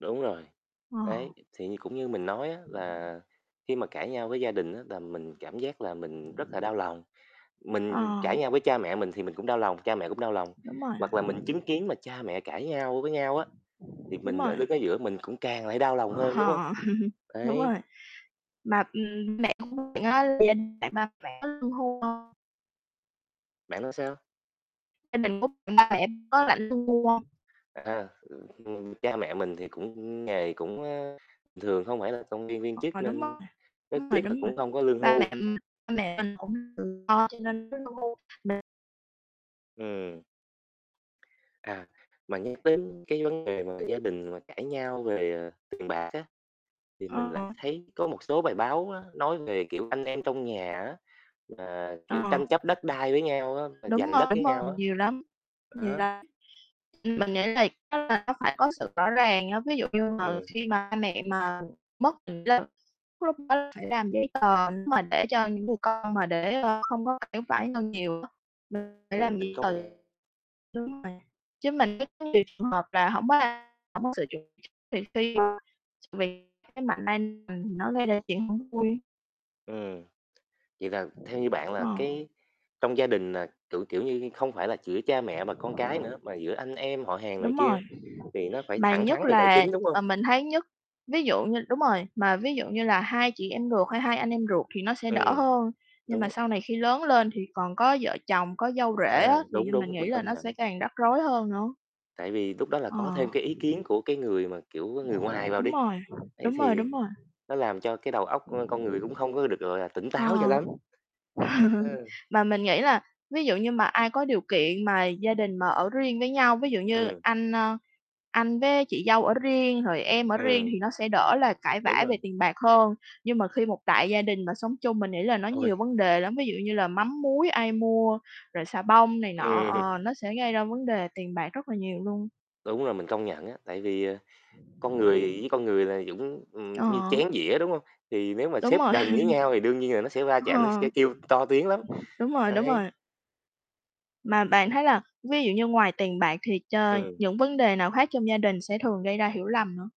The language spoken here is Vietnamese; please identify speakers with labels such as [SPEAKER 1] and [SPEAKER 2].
[SPEAKER 1] Đúng rồi,
[SPEAKER 2] Ờ.
[SPEAKER 1] đấy. Thì cũng như mình nói á là khi mà cãi nhau với gia đình á là mình cảm giác mình rất là đau lòng. Mình
[SPEAKER 2] Ờ.
[SPEAKER 1] cãi nhau với cha mẹ mình thì mình cũng đau lòng, cha mẹ cũng đau lòng,
[SPEAKER 2] Đúng rồi.
[SPEAKER 1] hoặc là mình chứng kiến cha mẹ cãi nhau với nhau á thì
[SPEAKER 2] Đúng
[SPEAKER 1] mình ở
[SPEAKER 2] rồi.
[SPEAKER 1] đứng ở giữa mình cũng càng lại đau lòng hơn, đúng hông?
[SPEAKER 2] Ờ, đúng
[SPEAKER 1] Đấy.
[SPEAKER 2] rồi. Mà mẹ của bạn [unintelligible] có lương hưu hông?
[SPEAKER 1] Bạn nói sao?
[SPEAKER 2] Gia đình của bạn, ba mẹ có lãnh lương hưu hông?
[SPEAKER 1] À, ờ, ừm, cha mẹ mình thì cũng nghề cũng, ơ, bình thường, hông phải là công nhân viên chức
[SPEAKER 2] Ờ, đúng
[SPEAKER 1] nên
[SPEAKER 2] rồi,
[SPEAKER 1] rất
[SPEAKER 2] đúng rồi,
[SPEAKER 1] tiếc là
[SPEAKER 2] đúng rồi.
[SPEAKER 1] cũng không có lương
[SPEAKER 2] Ba mẹ
[SPEAKER 1] hưu.
[SPEAKER 2] ba mẹ mình cũng tự lo cho nên [unintelligible] mà
[SPEAKER 1] Ừm. À, mà nhắc đến cái vấn đề mà gia đình mà cãi nhau về, ờ, tiền bạc á, thì mình lại
[SPEAKER 2] Ờ.
[SPEAKER 1] thấy có một số bài báo á nói về, kiểu, anh em trong nhà á, mà, kiểu,
[SPEAKER 2] Ờ.
[SPEAKER 1] tranh chấp đất đai với nhau á, mà
[SPEAKER 2] Đúng
[SPEAKER 1] giành đất
[SPEAKER 2] rồi, đúng
[SPEAKER 1] với
[SPEAKER 2] rồi.
[SPEAKER 1] nhau á.
[SPEAKER 2] Nhiều lắm, nhiều
[SPEAKER 1] Đó.
[SPEAKER 2] lắm. [unintelligible] Mình nghĩ là, chắc là nó phải có sự rõ ràng á. Ví dụ như mà
[SPEAKER 1] Ừm.
[SPEAKER 2] khi ba mẹ mà mất [unintelligible] lúc đó phải làm giấy tờ. Nếu mà để cho những người con mà để, ơ, hông có phải phải lo nhiều á. Ừ, để làm
[SPEAKER 1] Ừm. Mình
[SPEAKER 2] giấy
[SPEAKER 1] có
[SPEAKER 2] tờ.
[SPEAKER 1] nghe.
[SPEAKER 2] Chứ mình chứ mình thấy có nhiều trường hợp là hổng có, a, hông có sự chuẩn bị, thì khi mà mình cái mạnh ai mình nó gây ra tình huống [unintelligible]
[SPEAKER 1] Ừm, vậy là theo như bạn là
[SPEAKER 2] Ờ.
[SPEAKER 1] cái trong gia đình là, kiểu, kiểu như không phải là giữa cha mẹ và con cái nữa mà giữa anh em họ hàng này
[SPEAKER 2] Đúng
[SPEAKER 1] kia,
[SPEAKER 2] rồi.
[SPEAKER 1] thì nó phải
[SPEAKER 2] Mà
[SPEAKER 1] thẳng thắn
[SPEAKER 2] nhất
[SPEAKER 1] về tài
[SPEAKER 2] là
[SPEAKER 1] chính, đúng hông?
[SPEAKER 2] ờ, mình thấy nhất, ví dụ như đúng rồi, mà ví dụ như là hai chị em ruột hay hai anh em ruột thì nó sẽ đỡ
[SPEAKER 1] Ừm,
[SPEAKER 2] hơn. Nhưng mà
[SPEAKER 1] đúng.
[SPEAKER 2] sau này khi lớn lên thì còn có vợ chồng, có dâu rể
[SPEAKER 1] À,
[SPEAKER 2] á, thì
[SPEAKER 1] đúng,
[SPEAKER 2] mình
[SPEAKER 1] đúng,
[SPEAKER 2] nghĩ
[SPEAKER 1] mình
[SPEAKER 2] là
[SPEAKER 1] công
[SPEAKER 2] nó sẽ
[SPEAKER 1] nhận.
[SPEAKER 2] càng rắc rối hơn nữa.
[SPEAKER 1] Tại vì lúc đó là
[SPEAKER 2] Ờ.
[SPEAKER 1] có thêm ý kiến của người mà, kiểu, người ngoài vào
[SPEAKER 2] Đúng
[SPEAKER 1] đi,
[SPEAKER 2] rồi,
[SPEAKER 1] ấy
[SPEAKER 2] đúng rồi,
[SPEAKER 1] thì
[SPEAKER 2] đúng rồi.
[SPEAKER 1] nó làm cho cái đầu óc của con người cũng không có được tỉnh táo cho
[SPEAKER 2] Ờ.
[SPEAKER 1] lắm. Đó.
[SPEAKER 2] Mà mình nghĩ là ví dụ như mà ai có điều kiện mà gia đình mà ở riêng với nhau, ví dụ như
[SPEAKER 1] Ừm.
[SPEAKER 2] anh, ơ, anh với chị dâu ở riêng rồi em ở riêng
[SPEAKER 1] Ừm.
[SPEAKER 2] thì nó sẽ đỡ là cãi
[SPEAKER 1] Đúng
[SPEAKER 2] vã về
[SPEAKER 1] rồi.
[SPEAKER 2] tiền bạc hơn. Nhưng mà khi một đại gia đình mà sống chung, mình nghĩ là nó
[SPEAKER 1] Ôi.
[SPEAKER 2] nhiều vấn đề lắm. Ví dụ như là mắm muối ai mua rồi xà bông này nọ,
[SPEAKER 1] Ừm.
[SPEAKER 2] ờ, nó sẽ gây ra vấn đề tiền bạc rất là nhiều luôn.
[SPEAKER 1] Đúng rồi, mình công nhận á. Tại vì, à, con người với con người là dũng ừm như
[SPEAKER 2] Ờ.
[SPEAKER 1] chén dĩa, đúng hông? Thì nếu mà
[SPEAKER 2] Đúng
[SPEAKER 1] xếp
[SPEAKER 2] rồi.
[SPEAKER 1] gần với nhau thì đương nhiên nó sẽ chạm, nó
[SPEAKER 2] Ờ.
[SPEAKER 1] kêu to tiếng lắm.
[SPEAKER 2] Đúng rồi, đúng
[SPEAKER 1] Đấy.
[SPEAKER 2] rồi. Mà bạn thấy là ví dụ như ngoài tiền bạc thì ch
[SPEAKER 1] Ừm.
[SPEAKER 2] những vấn đề nào khác trong gia đình sẽ thường gây ra hiểu lầm nữa?